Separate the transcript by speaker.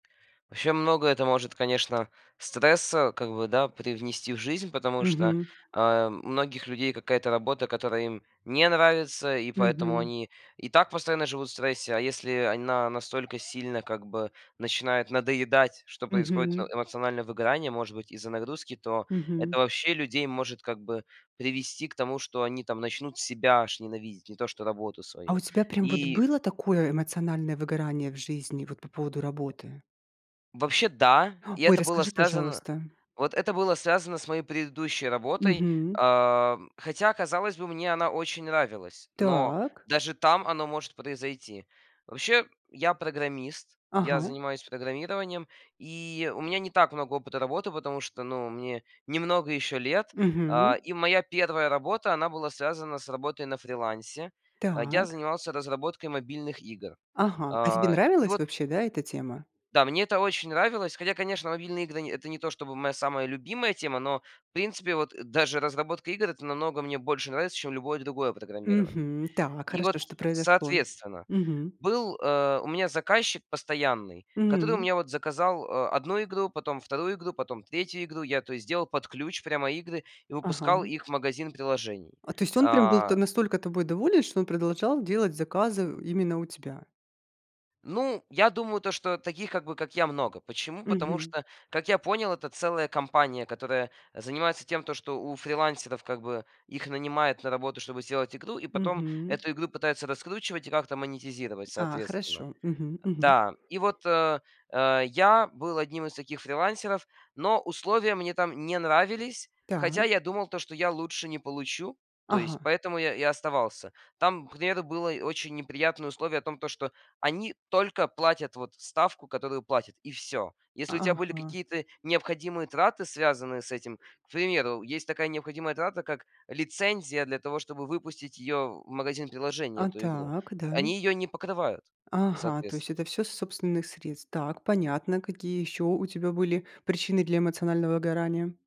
Speaker 1: Вообще много это может, конечно, стресса, как бы да, привнести в жизнь. Потому что,
Speaker 2: Мгм.
Speaker 1: э, у многих людей какая-то работа, которая им не нравится, и поэтому
Speaker 2: Мгм.
Speaker 1: они и так постоянно живут в стрессе. А если она настолько сильно, как бы, начинает надоедать, что происходит э
Speaker 2: Мгм.
Speaker 1: эмоциональное выгорание, может быть из-за нагрузки. То
Speaker 2: Мгм.
Speaker 1: это, вообще, людей может, как бы привести к тому, что они там начнут себя аж ненавидеть, не то что работу
Speaker 2: А
Speaker 1: свою.
Speaker 2: у тебя прям вот
Speaker 1: И
Speaker 2: было такое эмоциональное выгорание в жизни, вот, по поводу работы?
Speaker 1: Вообще да, и
Speaker 2: Ой,
Speaker 1: это было
Speaker 2: расскажи,
Speaker 1: связано
Speaker 2: пожалуйста.
Speaker 1: Вот это было связано с моей предыдущей работой.
Speaker 2: Мгм.
Speaker 1: Э, хотя, казалось бы, мне она очень нравилась, но
Speaker 2: Так.
Speaker 1: даже там оно может произойти. Вообще, я- программист. Я
Speaker 2: Ага.
Speaker 1: занимаюсь программированием, и у меня не так много опыта работы, потому что, ну, мне немного еще лет.
Speaker 2: Мгм.
Speaker 1: А, и моя первая работа, она была связана с работой на фрилансе. А, я
Speaker 2: Так.
Speaker 1: занимался разработкой мобильных игр.
Speaker 2: Ага, а тебе
Speaker 1: А, и
Speaker 2: нравилась
Speaker 1: вот
Speaker 2: вообще, да, эта тема?
Speaker 1: Да, мне это очень нравилось. Хотя, конечно, мобильные игры- это не то чтобы моя самая любимая тема, но, в принципе, вот, даже разработка игр- это намного мне больше нравится, чем любое другое программирование.
Speaker 2: Мгм. Так,
Speaker 1: И вот,
Speaker 2: хорошо, что произошло?
Speaker 1: соответственно,
Speaker 2: Мгм.
Speaker 1: был, э, у меня заказчик постоянный, который, вот, у
Speaker 2: М.
Speaker 1: меня вот заказал, а, одну игру, потом вторую игру, потом третью игру. Я, то есть, делал под ключ прямо игры и выпускал
Speaker 2: Ага.
Speaker 1: их в магазин приложений.
Speaker 2: А, то есть он был та
Speaker 1: А.
Speaker 2: настолько тобой доволен, что он продолжал делать заказы именно у тебя?
Speaker 1: Ну, я думаю, то что таких, как бы, как я, много. Почему? Потому
Speaker 2: Мгм.
Speaker 1: что, как я понял, это целая компания, которая занимается тем, что у фрилансеров, как бы, их нанимает на работу, чтобы сделать игру, и потом
Speaker 2: Мгм.
Speaker 1: эту игру пытаются раскручивать и как-то монетизировать
Speaker 2: А,
Speaker 1: соответственно.
Speaker 2: хорошо. Мгм мгм.
Speaker 1: Да, и вот, э, э, я был одним из таких фрилансеров, но условия мне там не нравились.
Speaker 2: Так.
Speaker 1: Хотя я думал то, что я лучше не получу, то есть
Speaker 2: Ага.
Speaker 1: поэтому я я и оставался. Там, к примеру, было очень неприятное условие о том, то что они только платят вот ставку, которую платят, и всё. Если у тебя были
Speaker 2: Ага.
Speaker 1: какие-то необходимые траты, связанные с этим, к примеру, есть такая необходимая трата, как лицензия для того, чтобы выпустить её в магазин приложения,
Speaker 2: А
Speaker 1: эту игру.
Speaker 2: так,
Speaker 1: Они
Speaker 2: да.
Speaker 1: её не покрывают
Speaker 2: Ага, то есть это
Speaker 1: соответственно.
Speaker 2: всё с собственных средств. Так, понятно. Какие еще у тебя были причины для эмоционального выгорания?